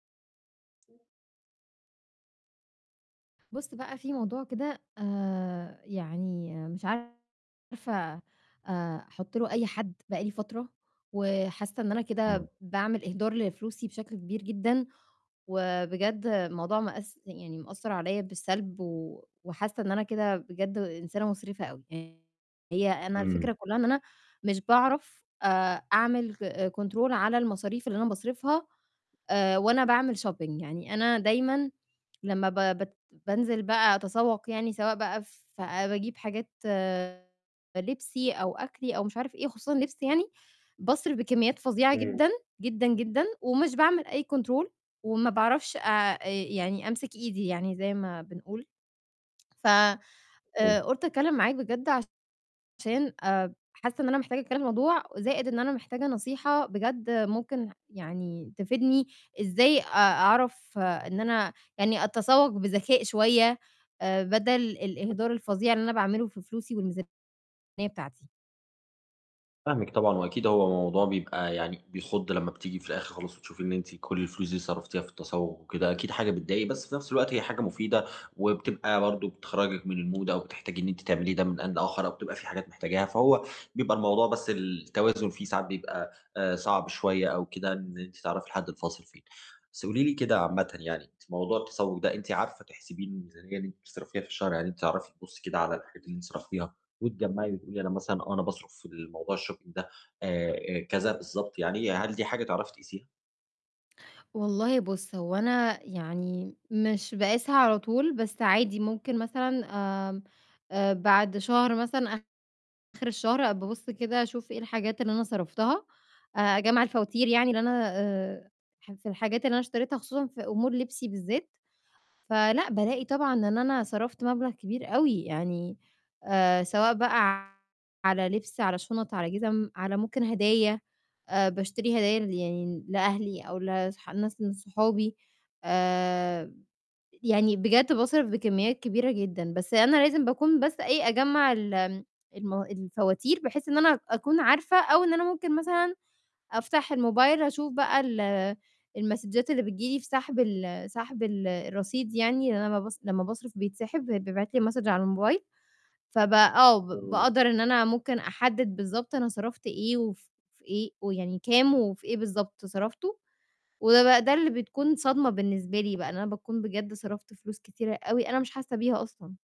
بُصّ بقى فيه موضوع كده آآ، يعني مش عارفة آآ، أحط له أي حد بقاى لي فترة وحاسة إن أنا كده، آه. باعمل إهدار لفلوسي بشكل كبير جدًا وبجد الموضوع مأس يعني مأثّر عليَّ بالسلب و وحاسة إن أنا كده بجد إنسانة مُسرفة أوي. هي أنا الفكرة إمم. كلّها إن أنا مش باعرف آآ أعمل ك Control على المصاريف اللي أنا باصرِفها آآ، وأنا باعمل Shopping يعني أنا دايمًا لمّا ب بت بانزل بقى أتسوق يعني سواء بقى ف باجيب حاجات لِبسي أو أكلّي أو مش عارف إيه، خصوصًا لِبس يعني، باصرف بكميات فظيعة امم. جدًا، جدًا، جدًا، ومش باعمل أي Control وما باعرفش آآ أ يعني أمسك إيدي يعني، زي ما بنقول ف امم. آآ، قُلت أتكلم معاك بجد عشان آآ حاسّة إن أنا مِحتاجة أتكلم في الموضوع وزائِد إن أنا محتاجة نصيحة، بجد ممكن يعني تفيدني إزاي أ أعرف إن أنا، يعني أتسوق بذكاء شوية آآ بدل الإهدار الفظيع اللي أنا باعمله في فلوسي [unintelligible] الميزانية بتاعتي؟ فاهمِك طبعًا وأكيد هو موضوع بيبقى يعني، بيخُض، لمّا بتيجي في الآخر خالِص وتشوفي إن أنتِ كل الفلوس دي صرفتيها في التسوق وكده، أكيد حاجة بتضايق، بس في نفس الوقت هي حاجة مفيدة، وبتبقى برضو بتخرجِك من الMood أو بتحتاجي إن أنتِ تعملي ده من آن لآخر، أو بتبقى فيه حاجات محتاجاها، فهو بيبقى الموضوع بس التوازن فيه ساعات بيبقى آآ صعب شوية أو كده إن أنتِ، تعرفي الحد الفاصل فين. بس قولي لي كده عامةً يعني، في موضوع التسوق ده، أنتِ عارفة تحسبي الميزانية دي اللي أنتِ بتصرفيها في الشهر عادي؟ بتعرفي تبُصي كده على الحاجات اللي أنتِ صرفتيها وتجّمعي وتقولي أنا مثلًا، آه أنا باصرف في الموضوع الShopping ده آآ آآ، كذا بالضبط يعني، هل دي حاجة تعرفي تقيسيها؟ والله بُصّ، هو أنا يعني مش باقيسها على طول بس عادي ممكن مثلًا، آمم، آآ، بعد شهر مثلًا، آخر الشهر بأبُص كده، أشوف إيه الحاجات اللي أنا صرفتها، آآ، أجمع الفواتير يعني اللي أنا آآ، [unintelligible] الحاجات اللي أنا اشتريتها خصوصًا في أمور لِبسي بالذات، فلأ امم. بالاقي طبعًا إن أنا صرفت مبلغ كبير أوي يعني آآ، سواء بقى على لِبس، على شُنَط، على جِزم، على ممكن هدايا. آآ باشتري هدايا ل يعني لأهلي أو لاص لناس من صحابي آآ، يعني بجد باصرف بكميات كبيرة جدًا، بس أنا لازم باكون بس إيه، أجمع ال المو الفواتير بحيث إن أنا أكون عارفة أو إن أنا ممكن مثلًا أفتح الموبايل أشوف بقى ال المسدچات اللي بتيجي لي في سحب ال سحب ال الرصيد يعني، لإن أنا لمّا باص لمّا باصرف بيتسحب وبيتبعِت لي الMessage على الموبايل. فبقى آه، ب امم. بأقدر إن أنا ممكن أحدد بالضبط أنا صرفت إيه وف في إيه ويعني كام وفي إيه بالضبط صرفته، وبقى ده اللي بتكون صدمة بالنسبة لي بقى، إن أنا باكون بجد صرفت فلوس كتيرة أوي، أنا مش حاسّة بيها أصلًا.